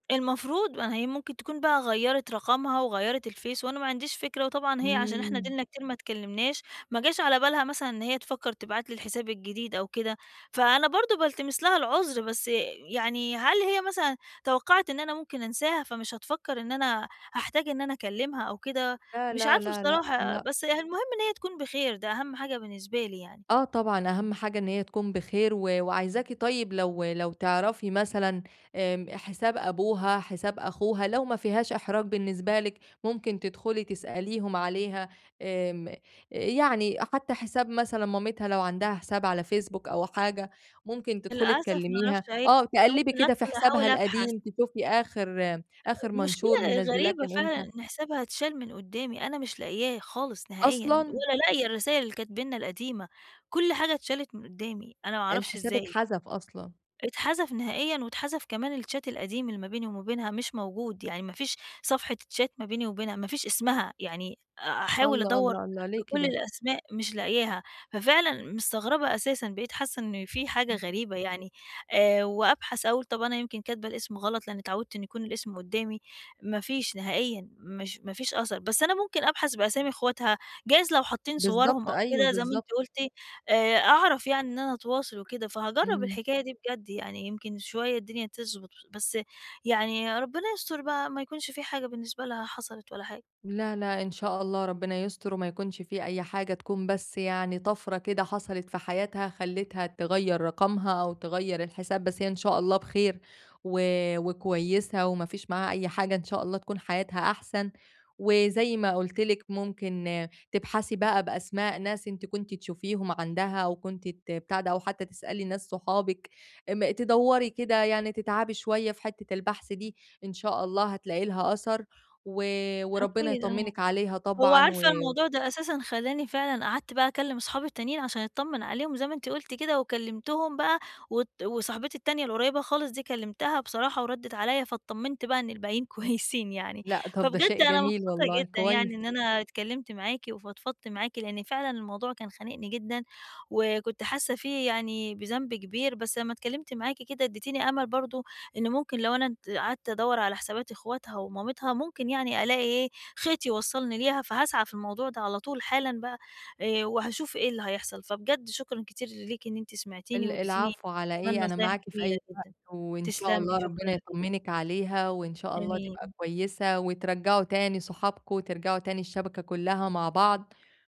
المفروض ما هي ممكن تكون بقى غيّرت رقمها وغيّرت الفيس، وأنا ما عَنديش فكرة وطبعًا هي عشان إحنا إمم. أديلنا كتير ما اتكلّمناش، ما جاش على بالها مثلًا إن هي تفكّر تبعت لي الحساب الجديد أو كده، فأنا برضو بالتمس لها العذر، بس يعني هل هي مثلًا توقّعِت إن أنا ممكن أنساها فمش هتفكّر إن أنا هاحتاج إن أنا أكلّمها أو كده؟ لا، مش لا، عارفة لا، لأ، بصراحة، لأ. بس هي المهم إن هي تكون بخير، ده أهم حاجة بالنسبة لي يعني. آه، طبعًا أهم حاجة إن هي تكون بخير، و وعايزاكي طيّب لو لو تعرَفي مثلًا، آمم حساب أبوها، حساب أخوها، لو ما فيهاش إحراج بالنسبة لِك، ممكن تدخُلي تسأليهم عليها، آمم يعني، حتّى حساب مثلًا مامتها لو عَندها حساب على فيسبوك أو حاجة، ممكن تدخُلي للأسف ما تكلّميها، أعرَفش أي آه أنا تقلِّبي ممكن كده في أدخُل حسابها أحاول أبحث. القديم تشوفي آخر آخر منشور المشكلة منزّلاه غريبة كان فعلًا إمتى. إن حسابها اتشال من قدّامي، أنا مش لاقياه خالص، نهائيًا، أصلًا! ولا لاقية الرسايل اللي كانت بيننا القديمة، كلّ حاجة اتشالت من قدّامي، أنا ما أعرفش الحساب إزاي! اتحذف أصلًا. اتحذف نهائيًا واتحذف كمان الchat القديم اللي ما بيني وما بينها مش موجود، يعني ما فيش صفحة chat ما بيني وبينها، ما فيش اسمها، يعني أ أحاول الله، أدوّر الله، الله، ليه بكُل كده؟ الأسماء مش لاقياها، ففعلا مستغربة أساسًا بقيت حاسة إن في حاجة امم. غريبة يعني، آآ وأبحث أقول طَب أنا يمكن كاتبة الاسم غلط لإنّي اتعوّدت إنّي يكون الاسم قدّامي، ما فيش نهائيًا، مش ما فيش أثَر، بس أنا ممكن أبحث بأسامي أخواتها جايز لو حاطّين صُوَرهم بالضبط أو أيوَه، كده زي ما بالضبط. أنتِ قُلتِ، آآ أعرف يعني إن أنا أتواصل وكده، فهاجرّب إمم. الحكاية دي بجد يعني يمكن شوية الدنيا تظبُط، بس يعني ربنا يستر بقى ما يكونش في حاجة بالنسبة لها حصَلت ولا حاجة. لا، لأ، إن شاء الله ربنا يستر وما يكونش في أي حاجة، تكون بس يعني طَفرة كده حصَلت في حياتها خلّتها تغيّر رقمها، أو تغيّر الحساب بس هي إن شاء الله بخير و وكويسة وما فيش معاها أي حاجة، إن شاء الله تكون حياتها أحسن، وزي ما قُلت لِك ممكن تبحثي بقى بأسماء ناس أنتِ كنتِ تشوفيهم عَندها، أو كنتِ ت بتاع ده أو حتّى تسألي ناس صحابِك، ام تدوّري كده يعني تتعبي شوية في حتّة البحث دي، إن شاء الله هتلاقي لها أثَر، و وربنا أكيد آه، يطمّنِك عليها هو طبعًا عارفة و الموضوع ده أساسًا خلّاني فعلًا قعَدت بقى أكلّم أصحابي التانيين عشان أتطمّن عليهم زي ما أنتِ قُلتِ كده وكلّمتهم بقى، وت وصاحبتي التانية القريّبة خالص دي كلّمتها بصراحة وردّت عليَّ فاتطمّنت بقى إن الباقيين كويسين يعني، لأ، طَب ده شيء فبجد أنا جميل مبسوطة والله، جدًا يعني كويس. إن أنا اتكلّمت معاكِ وفضفضت معاكِ لإن فعلًا الموضوع كان خانقني جدًا، وكنت حاسّة فيه يعني بذنب كبير، بس لمّا اتكلّمت معاكِ كده أدّيتيني أمل برضه إن ممكن لو أنا د قعَدت أدوّر على حسابات أخواتها ومامتها، ممكن يعني ألاقي إيه خيط يوصّلني ليها فهاسعى في الموضوع ده على طول حالًا بقى، آآ وهاشوف إيه اللي هيحصَل، فبجد شكرًا كتير ليكِ إن أنت سمَعتيني ال وادّيتيني العفو على كمان إيه، أنا نصايح معاكِ في جميلة أي وقت، جدًا، وإن شاء تسلمي، الله شكرًا ربنا ليكِ. يطمّنِك عليها، وإن شاء الله تبقى آمين. كويسة وترجّعوا تاني صحابكم، وترجَعوا تاني الشبَكة كلّها مع بعض.